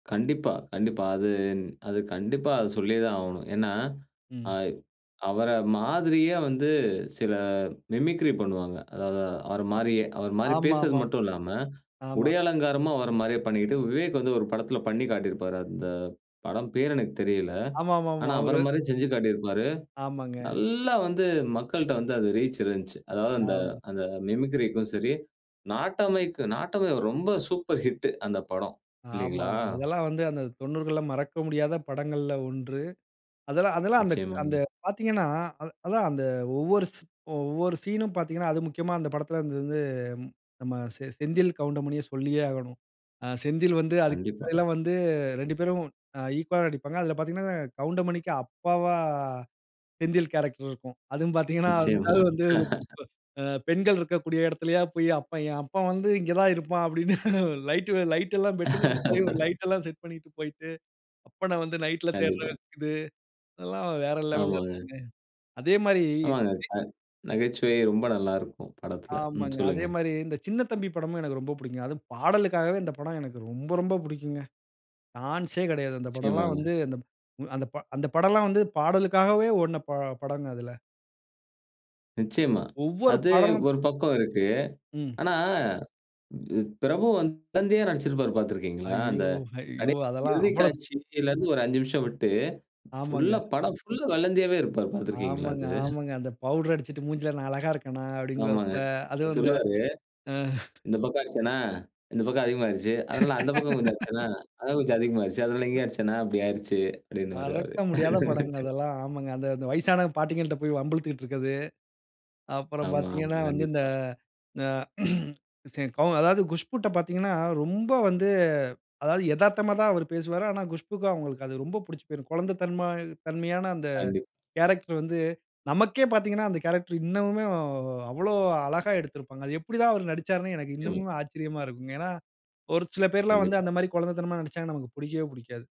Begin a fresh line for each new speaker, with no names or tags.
கண்டிப்பா, கண்டிப்பா. அது அது கண்டிப்பா அத சொல்லியே தான் ஆவணும். ஏன்னா
ம்.
ஆய்வ் அவர மாதிரியே வந்து சிலர் மிமிக்ரி பண்ணுவாங்க. அதாவது அவர
அ
மாரியே, அவர மாரி
ஆமா,
பேசுறது
ஆமா.
மட்டுல்லாம,
ஆமா.
உடையலங்காரமும் அவர மாரியே பண்ணிக்கிட்டு, விவேக் வந்து ஒரு படத்துல பண்ணி காட்டியிருப்பாரு. அந்த படம் பேரு எனக்கு தெரியல. ஆனா,
ஆமாமாமா,
அவர
ஒரு.
மாரியே செஞ்சு காட்டியிருப்பாரு.
ஆமாங்க.
நல்லா வந்து மக்கள்ட்ட வந்து அது ரீச் இருந்துச்சு. அதாவது அந்த
ஆம்.
அந்த மிமிக்ரிக்கும் சரி, நாட்டமைக்கு நாட்டமை ரொம்ப சூப்பர் ஹிட் அந்த படம், இல்லிங்களா?
ஆமாங்க, அதெல்லாம் வந்து அந்த 90 மறக்க முடியாத படங்கள்ல 1. அதெல்லாம் அதெல்லாம் அந்த அந்த
நிச்சயமாங்க.
பாத்தீங்கணா, அத அதான் அந்த ஒவ்வொரு சீ ஒவ்வொரு சீன்னும் பாத்தீங்கணா, அது முக்கியமா அந்த படத்துல வந்து வந்து நம்ப செ செந்தில் கவுண்டமணிய சொல்லியே ஆகணும். அ செந்தில் வந்து அதுக்கு
கண்டிப்பா.
முன்னாடிலாம் வந்து 2 பேரும் அ ஈக்வாலா நடிப்பாங்கா. அதுல பாத்தீங்கனா கவுண்டமணிக்கு அப்பாவா செந்தில் கேரக்டர் இருக்கும். அதுவும் பாத்தீங்கனா, அந்த
நிச்சயமா.
ஆள் வந்து ஒ பெண்கள் இருக்கக்கூடிய இடத்துலயா போய், "அப்பா! என் அப்பன் வந்து இங்க தான் இருப்பான். அப்டின்னு லைட்டு லைட்டெல்லாம் பெட்ரமாஸ் மாரி ஒரு லைடெல்லாம் செட் பண்ணிட்டு போய்ட்டு, அப்பன வந்து நைட்ல தேடுறது
கண்டிப்பா.
இருக்குது". அதெல்லாம் வேற லெவல
ஆமாங்க.
இருக்குங்க. அதே மாரி,
ஆமாங்க, அ நகைச்சுவை ரொம்ப நல்லாருக்கும் படத்துல. ம்
ஆமங்க. அதே
சொல்லுங்க.
மாரி இந்த சின்னத்தம்பி படமும் எனக்கு ரொம்ப பிடிக்குங்க. அதுவும் பாடலுக்காகவே இந்த படம் எனக்கு ரொம்ப, ரொம்ப பிடிக்குங்க. டான்ஸ்சே கெடயாது. அந்த படம்லாம்
நிச்சயமாங்க.
வந்து அந் அந்த ப அந்த படம்லாம் வந்து பாடலுக்காகவே ஓடுன ப படங்க அதுல.
நிச்சயமா,
ஒவ்வொரு
அது
பாடலும்
ஒரு பக்கம் இருக்கு.
ம்.
ஆனா, [unintelligible] பிரபு வந்து குழந்தயா நடிச்சுருப்பாரு பாத்திருக்கீங்களா? அந்த
ஐயோ! ஹையோ!
கடைசி
அதெல்லாம்
இறுதி
அவ்வளோ
காட்சிலருந்து ஒரு 5 நிமிசம் விட்டு, புல்லா
ஆமாங்க.
படம் புல்லா வெல்லந்தியாவே இருப்பாரு, பாத்திருக்கீங்களா
ஆமாங்க,
அது?
ஆமாங்க. அந்த பவுடர் அடிச்சுட்டு மூஞ்சில, நான் அழகாக இருக்கேனா?
ஆமாங்க
அப்டிங்குவாப்புல.
அவர்
அதுவும் அந்த,
சொல்லுவாரு. "இந்த பக்கம் அடிச்சேனா, இந்த பக்கம் அதிகமாய்டுச்சு. அதனால அந்த பக்கம் கொஞ்சம் அடிச்சேனா, அதான் கொஞ்சம் அதிகமாய்டுச்சு. அதனால, இங்க அடிச்சேனா அப்டி ஆய்டுச்சுனு" அப்டின்னு வாரு அவரு.
மறக்க முடியாத படங்க அதெல்லாம், ஆமாங்க. அந்த அந்த வயசான பாட்டிகள்ட்ட போய் வம்புழுத்துட்டுருக்குறது. அப்புறம்
ஆமா, ஆமா
பாத்தீங்கனா வந்து, இந்த
கண்டிப்பா.
அ சரி கௌ அதாவது குஷ்புட்ட பாத்தீங்கணா, ரொம்ப வந்து அதாவது எதார்த்தமா தான் அவரு பேசுவாரு. ஆனா குஷ்புக்கும், அவங்களுக்கு அது ரொம்ப பிடிச்சு போய்ரும். குழந்த தன்ம தன்மையான அந்த
கண்டிப்பா.
கேரக்டர் வந்து, நமக்கே பாத்தீங்கணா அந்த கேரக்டர் இன்னமுமே அவ்ளோ அழகா எடுத்திருப்பாங்க. அது எப்டி தான் அவரு நடிச்சாருனு எனக்கு
நிச்சயமா.
இன்னமும் ஆச்சரியமா இருக்குங்க. ஏன்னா, ஒரு சில பேருலாம் வந்து
கண்டிப்பா.
அந்த மாரி குழந்தத்தனமா நடிச்சாங்கனா நமக்கு புடிக்கவே புடிக்காது.